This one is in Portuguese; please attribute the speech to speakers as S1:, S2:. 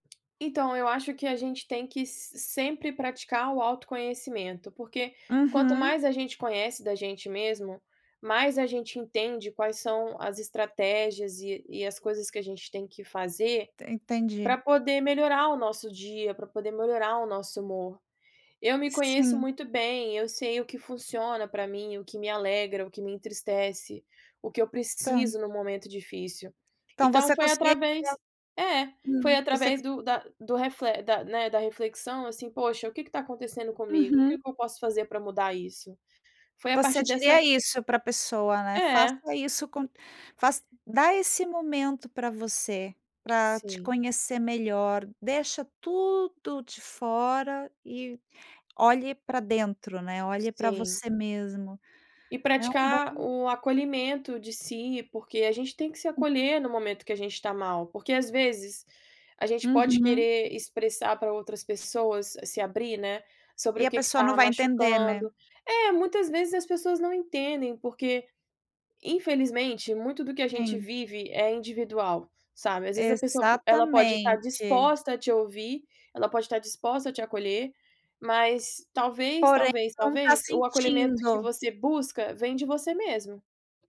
S1: Então eu acho que a gente tem que se sempre praticar o autoconhecimento, porque quanto
S2: Uhum.
S1: mais a gente conhece da gente mesmo, mais a gente entende quais são as estratégias e e as coisas que a gente tem que fazer
S2: Entendi.
S1: para poder melhorar o nosso dia, para poder melhorar o nosso humor. Eu me conheço
S2: Sim.
S1: muito bem, eu sei o que funciona para mim, o que me alegra, o que me entristece, o que eu
S2: Tá.
S1: preciso no momento difícil.
S2: Então
S1: Então
S2: você
S1: foi
S2: conseguiria
S1: através é, foi
S2: hum, você
S1: através
S2: cons
S1: do da do refle da né, da reflexão, assim: "Poxa, o quê que está acontecendo comigo? O
S2: Uhum.
S1: que que eu posso fazer para mudar isso?" Foi a
S2: Você
S1: partir
S2: diria
S1: dessa
S2: isso para pessoa, né, faça
S1: É.
S2: isso com faça dá esse momento para você, pra te
S1: Sim.
S2: conhecer melhor, deixa tudo de fora e olhe para dentro, né, olhe para
S1: Sim.
S2: você mesmo.
S1: E
S2: É um bom
S1: praticar o acolhimento de si, porque a gente tem que se
S2: Hum.
S1: acolher no momento que a gente tá mal. Porque, às vezes, a gente pode
S2: Uhum.
S1: querer expressar para outras pessoas, se abrir, né, sobre
S2: E
S1: o
S2: a
S1: que que
S2: pessoa não
S1: está
S2: vai entender,
S1: machucando.
S2: né.
S1: É, muitas vezes as pessoas não entendem, porque infelizmente muito do que a gente
S2: Sim.
S1: vive é individual, sabe, às vezes, a pessoa po ela pode estar
S2: Exatamente.
S1: disposta a te ouvir, ela pode estar disposta a te acolher, mas, talvez,
S2: Porém,
S1: talvez,
S2: não tá
S1: talvez, o acolhimento que
S2: sentindo.
S1: você busca vem de você mesmo.